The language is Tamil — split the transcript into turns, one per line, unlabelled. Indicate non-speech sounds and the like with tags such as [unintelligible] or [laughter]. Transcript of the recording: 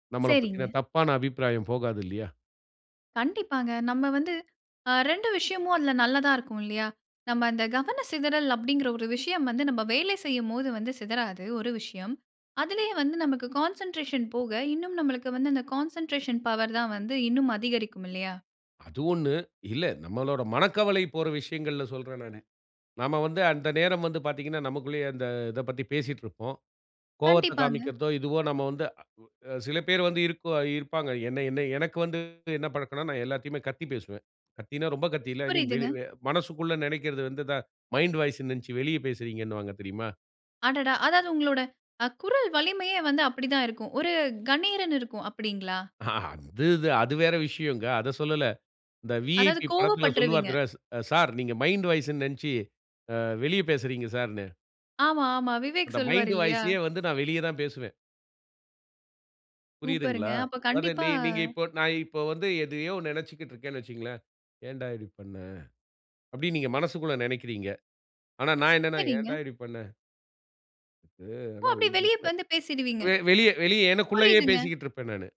நம்மளப் பத்தின
சரிங்க.
தப்பான அபிப்பிராயம் போகாது இல்லயா!
கண்டிப்பாங்க. நம்ம வந்து அ 2 விஷயமும் அதில நல்லதா இருக்கும் இல்லயா, நம்ம அந்த கவன சிதறல் அப்பிடிங்கிற ஒரு விஷயம் வந்து நம்ம வேலை செய்யும்போது வந்து சிதறாது ஒரு விஷயம். அதிலேயே வந்து நமக்கு கான்சென்ட்ரேஷன் போக இன்னும் நம்மளுக்கு வந்து அந்த கான்சென்ட்ரேஷன் பவர் தான் வந்து இன்னும் அதிகரிக்கும் இல்லையா!
அது ஒண்ணு. இல்ல, நம்மளோட மனக்கவலை போற விஷயங்கள்ல சொல்றேன் நானு. நாம வந்து அந்த நேரம் வந்து பார்த்தீங்கன்னா, நமக்குள்ளேயே அந்த இதப் பத்தி பேசிட்ருப்போம். கோவத்த
கண்டிப்பாங்க.
காண்பிக்கிறதோ! இதுவோ! நம்ம வந்து அ உ அ சில பேரு வந்து இருக்குவா இருப்பாங்க. என்ன என்ன எனக்கு வந்து என்ன பழக்கம்ன்னா, நான் எல்லாத்தையுமே கத்தி பேசுவேன். கத்தின்னா ரொம்ப கத்தி இல்ல. ஐ மீன்
புரியுதுங்க.
வெளி வெ மனசுக்குள்ள நினைக்கிறது வந்து இத மைண்ட் வாய்ஸ்ன்னு நினைச்சு வெளிய பேசுறீங்கன்னுவாங்க தெரியுமா?
அடடா! அதாவது உங்களோட அ குரல் வலிமையே வந்து அப்படி தான் இருக்கும். ஒரு கணீர்ன்னு இருக்கும் அப்பிடிங்களா!
அ, அது இது அது வேற விஷயங்க. அதச் சொல்லல. இந்த
அதாவது
விஐபி படத்தில் சொல்லுவாரு
கோவப்பட்ருவீங்க.
தனுஷ் அ சார் நீங்க மைண்ட் வாய்ஸ்ன்னு நெனைச்சு அ வெளிய பேசுறீங்க சார்ன்னு.
ஆமா, ஆமா. விவேக்
அந்த
சொல்லுவாரு
மைண்ட்
இல்லயா!
வாய்ஸயே வந்து நான் வெளிய தான் பேசுவேன்.
சூப்பருங்க.
புரிதுங்களா?
அப்ப
அதாவது
கண்டிப்பா,
நீ நீங்க இப்போ நான் இப்போ வந்து எதையோ நினைச்சிக்கிட்டு இருக்கேன்னு வச்சிக்கங்களேன், "ஏன்டா இப்பிடி பண்ண?" அப்பிடின்னு நீங்க மனசுக்குள்ள நினைக்கிறீங்க. ஆனா நான் என்னன்னா,
சரிங்க.
"ஏன்டா இப்பிடி பண்ண?" அ
ஓ!
ஆனா
அப்பிடி
இந்த
வெளிய
[unintelligible]
வந்து பேசிடுவீங்க!
வெ வெளிய வெளிய எனக்குள்ளயே
புரியுதுங்க.
பேசிட்டு இருப்பேன் நானு.